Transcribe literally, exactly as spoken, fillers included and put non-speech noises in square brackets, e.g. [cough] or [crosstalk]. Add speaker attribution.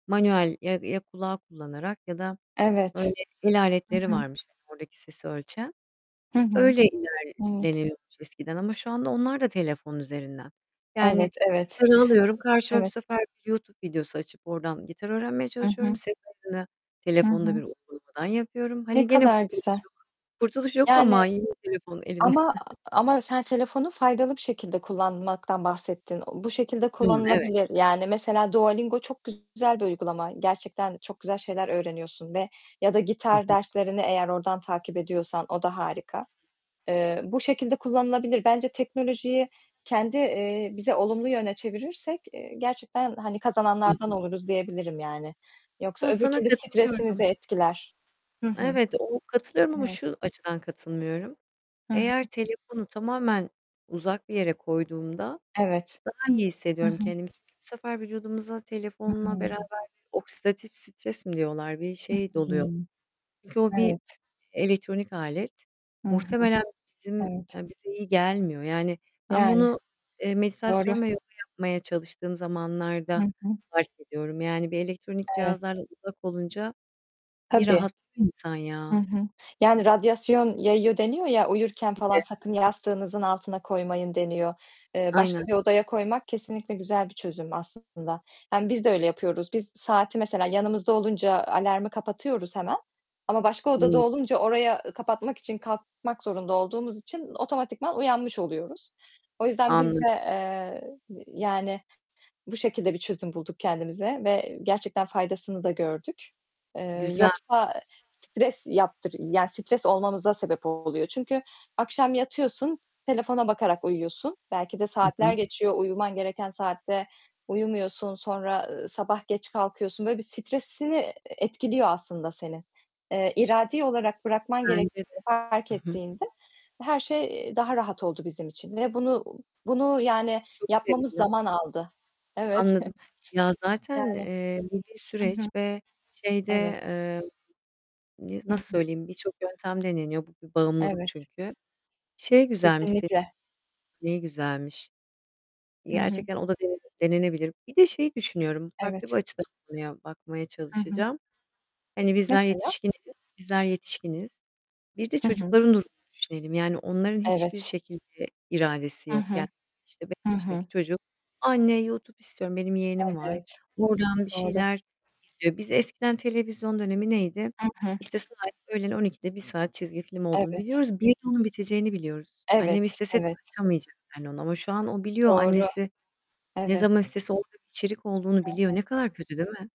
Speaker 1: Manuel ya ya kulağı kullanarak ya da böyle
Speaker 2: Evet. Hı
Speaker 1: [unintelligible]
Speaker 2: hı.
Speaker 1: varmış oradaki sesi ölçen.
Speaker 2: Hı hı.
Speaker 1: Öyle
Speaker 2: Evet.
Speaker 1: ilerleniyormuş eskiden ama şu anda onlar da telefon üzerinden. Yani
Speaker 2: Evet, evet.
Speaker 1: gitar alıyorum, karşıma bu
Speaker 2: Evet.
Speaker 1: sefer YouTube videosu açıp oradan gitar öğrenmeye
Speaker 2: Hı
Speaker 1: çalışıyorum.
Speaker 2: hı.
Speaker 1: Ses ayarını
Speaker 2: Hı
Speaker 1: telefonda bir
Speaker 2: hı.
Speaker 1: uygulamadan yapıyorum.
Speaker 2: Ne
Speaker 1: Hani gene
Speaker 2: kadar
Speaker 1: kurtuluş
Speaker 2: güzel.
Speaker 1: yok. Kurtuluş yok
Speaker 2: Yani,
Speaker 1: ama yine telefon elimde.
Speaker 2: ama
Speaker 1: [giggles]
Speaker 2: ama sen telefonu faydalı bir şekilde kullanmaktan bahsettin. Bu şekilde
Speaker 1: Hımm, evet.
Speaker 2: kullanılabilir. Yani mesela; Duolingo çok güzel bir uygulama. Gerçekten çok güzel şeyler öğreniyorsun ve ya da
Speaker 1: Hı
Speaker 2: gitar
Speaker 1: hı.
Speaker 2: derslerini eğer oradan takip ediyorsan o da harika. Eee, bu şekilde kullanılabilir. Bence teknolojiyi kendi, eee, bize olumlu yöne çevirirsek, eee, gerçekten hani
Speaker 1: Hı
Speaker 2: kazananlardan
Speaker 1: hı.
Speaker 2: oluruz diyebilirim yani. Yoksa
Speaker 1: Ya
Speaker 2: öbür
Speaker 1: sana
Speaker 2: türlü stresimizi
Speaker 1: katılıyorum.
Speaker 2: etkiler. Hı hı.
Speaker 1: Evet, o katılıyorum ama
Speaker 2: Evet.
Speaker 1: şu açıdan katılmıyorum.
Speaker 2: Hı hı.
Speaker 1: Eğer telefonu tamamen uzak bir yere koyduğumda,
Speaker 2: Evet.
Speaker 1: daha iyi
Speaker 2: Hı
Speaker 1: hissediyorum
Speaker 2: hı.
Speaker 1: kendimi. Çünkü bu sefer vücudumuza
Speaker 2: Hı
Speaker 1: telefonla
Speaker 2: hı.
Speaker 1: beraber oksidatif stres mi diyorlar? Bir
Speaker 2: Hı
Speaker 1: şey doluyor.
Speaker 2: hı.
Speaker 1: Çünkü o bir,
Speaker 2: Evet.
Speaker 1: elektronik alet.
Speaker 2: Hı hı.
Speaker 1: Muhtemelen bizim
Speaker 2: Evet.
Speaker 1: eee, bize iyi gelmiyor. Yani, ben
Speaker 2: Yani
Speaker 1: bunu, eee,
Speaker 2: doğru.
Speaker 1: meditasyon ve yoga yapmaya çalıştığım
Speaker 2: Hı
Speaker 1: zamanlarda
Speaker 2: hı.
Speaker 1: fark ediyorum. Yani bir elektronik
Speaker 2: Evet.
Speaker 1: cihazlardan uzak olunca bir
Speaker 2: Tabii.
Speaker 1: rahatlıyor insan
Speaker 2: Hı
Speaker 1: ya
Speaker 2: hı. Yani radyasyon yayıyor deniyor ya, uyurken falan
Speaker 1: Gibi.
Speaker 2: sakın
Speaker 1: [unintelligible]
Speaker 2: yastığınızın altına koymayın deniyor. Eee, başka
Speaker 1: Aynen.
Speaker 2: bir odaya koymak kesinlikle güzel bir çözüm aslında. Yani biz de öyle yapıyoruz. Biz, saati mesela yanımızda olunca alarmı kapatıyoruz hemen ama başka odada
Speaker 1: Hı.
Speaker 2: olunca oraya kapatmak için, kalkmak zorunda olduğumuz için otomatikman uyanmış oluyoruz. O yüzden biz
Speaker 1: Anladım.
Speaker 2: de, eee, yani bu şekilde bir çözüm bulduk kendimize ve gerçekten faydasını da gördük. Eee,
Speaker 1: Güzelmiş
Speaker 2: yoksa stres yaptır, yani stres olmamıza sebep oluyor. Çünkü akşam yatıyorsun, telefona bakarak uyuyorsun. Belki de
Speaker 1: Hı
Speaker 2: saatler
Speaker 1: hı.
Speaker 2: geçiyor, uyuman gereken saatte uyumuyorsun. Sonra, ııı, sabah geç kalkıyorsun. Böyle bir stresini, eee, etkiliyor aslında senin. Eee, iradi olarak bırakman
Speaker 1: Bence de.
Speaker 2: gerektiğini fark
Speaker 1: Hı hı.
Speaker 2: ettiğinde her şey, eee, daha rahat oldu bizim için ve bunu, bunu yani
Speaker 1: Çok
Speaker 2: yapmamız
Speaker 1: sevindim.
Speaker 2: zaman aldı. Evet.
Speaker 1: Anladım.
Speaker 2: [giggles]
Speaker 1: Ya zaten,
Speaker 2: Yani.
Speaker 1: eee, bu bir
Speaker 2: Hı hı.
Speaker 1: süreç ve şeyde,
Speaker 2: Evet.
Speaker 1: eee, n
Speaker 2: Hı
Speaker 1: nasıl
Speaker 2: hı.
Speaker 1: söyleyeyim birçok yöntem deneniyor. Bu bir bağımlılık
Speaker 2: Evet.
Speaker 1: çünkü. Şey güzelmiş senin,
Speaker 2: Kesinlikle.
Speaker 1: ne güzelmiş,
Speaker 2: Hı hı.
Speaker 1: gerçekten o da denene denenebilir. Bir de şeyi düşünüyorum. Farklı bir
Speaker 2: Evet.
Speaker 1: açıdan konuya bakmaya
Speaker 2: Hı hı.
Speaker 1: çalışacağım. Hani bizler
Speaker 2: Mesela?
Speaker 1: yetişkiniz, bizler yetişkiniz. Bir de
Speaker 2: Hı hı.
Speaker 1: çocukların durumunu düşünelim. Yani onların hiçbir
Speaker 2: Evet.
Speaker 1: şekilde iradesi
Speaker 2: Hı
Speaker 1: yok. Yani
Speaker 2: hı.
Speaker 1: işte beş
Speaker 2: Hı hı.
Speaker 1: yaşındaki çocuk, "Anne YouTube istiyorum." benim yeğenim var,
Speaker 2: Evet.
Speaker 1: oradan bir
Speaker 2: Doğru.
Speaker 1: şeyler izliyor. Biz eskiden televizyon dönemi neydi?
Speaker 2: Hı hı.
Speaker 1: İşte sadece, öğlen on ikide, bir saat çizgi film olduğunu
Speaker 2: Evet.
Speaker 1: biliyoruz. Bir de onun biteceğini biliyoruz. Annem
Speaker 2: Evet,
Speaker 1: istese de
Speaker 2: evet.
Speaker 1: açamayacak yani ona ama şu an o biliyor.
Speaker 2: Doğru.
Speaker 1: Annesi ne
Speaker 2: Evet.
Speaker 1: zaman istese orada içerik olduğunu
Speaker 2: Hı
Speaker 1: biliyor.
Speaker 2: hı.
Speaker 1: Ne kadar kötü değil mi?